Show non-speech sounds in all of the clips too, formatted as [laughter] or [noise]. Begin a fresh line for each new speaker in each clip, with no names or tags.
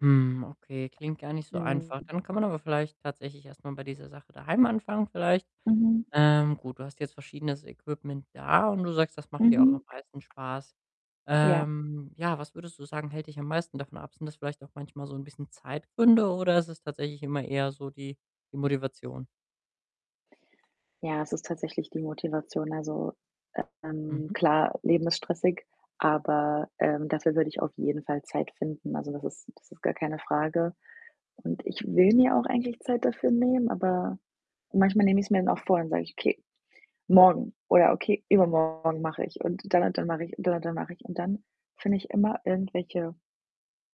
Hm, okay, klingt gar nicht so einfach.
Mhm.
Dann kann man aber vielleicht tatsächlich erst mal bei dieser Sache daheim anfangen vielleicht.
Mhm.
Ähm, gut, du hast jetzt verschiedenes Equipment da und du sagst, das macht dir auch
Mhm.
am meisten Spaß.
Ja.
Ähm, ja, was würdest du sagen, hält dich am meisten davon ab? Sind das vielleicht auch manchmal so 'n bisschen Zeitgründe, oder ist es tatsächlich immer eher so die die Motivation?
Ja, es ist tatsächlich die Motivation. Also, ähm,
Mhm.
klar, Leben ist stressig, aber, ähm, dafür würde ich auf jeden Fall Zeit finden. Also, das ist das ist gar keine Frage, und ich will mir auch eigentlich Zeit dafür nehmen, aber manchmal nehme ich's mir dann auch vor, dann sage ich: „Okay, morgen, oder okay, übermorgen mache ich, und dann und dann mache ich, und dann und dann mache ich.“ Und dann finde ich immer irgendwelche,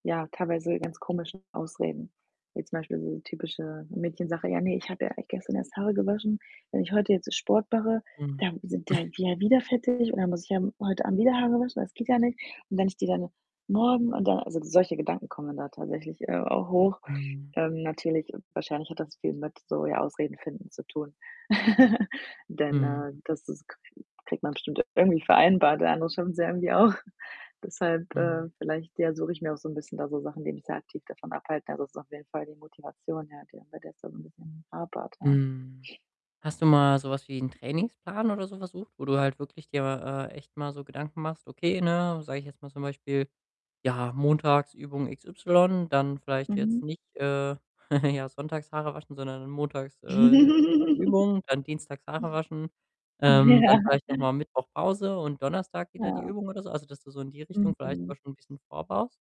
ja, teilweise ganz komischen Ausreden. Jetzt zum Beispiel so typische Mädchensache: „Ja, ne, ich habe ja eigentlich gestern erst Haare gewaschen. Wenn ich heute jetzt Sport mache,
Mhm.
dann sind die
[snorts]
halt wie ja, wieder fettig und dann muss ich ja m heute Abend wieder Haare waschen, das geht ja nicht und wenn ich die dann morgen und dann“ also solche Gedanken kommen da tatsächlich, äh, auch hoch.
Mhm.
Ähm, natürlich wahrscheinlich hat das viel mit so, ja, Ausreden finden zu tun. [laughs] Denn,
Mhm.
äh, das das kri kriegt man bestimmt irgendwie vereinbart, andere schaffen's ja irgendwie auch. Deshalb, äh,
Mhm.
vielleicht, ja, suche ich mir auch so 'n bisschen da so Sachen, die mich da aktiv davon abhalten. Also, das ist auf jeden Fall die Motivation, ja, die dann bei der es dann 'n bisschen hapert, ja.
Mhm. Hast du mal so was wie 'n Trainingsplan oder so versucht, wo du halt wirklich dir, äh, echt mal so Gedanken machst: „Okay, ne“, sage ich jetzt mal zum Beispiel: „Ja, montags Übung XY, dann vielleicht jetzt
Mhm.
nicht, äh, [giggles] ja, sonntags Haare waschen, sondern montags, äh, ja
[giggles]
Übung, dann dienstags Haare waschen,
Mhm.
ähm, dann
Ja.
vielleicht noch mal Mittwoch Pause und Donnerstag wieder die
Ja.
Übung“, oder so. Also, dass du so in die Richtung vielleicht
Mhm.
da schon bisschen vorbaust?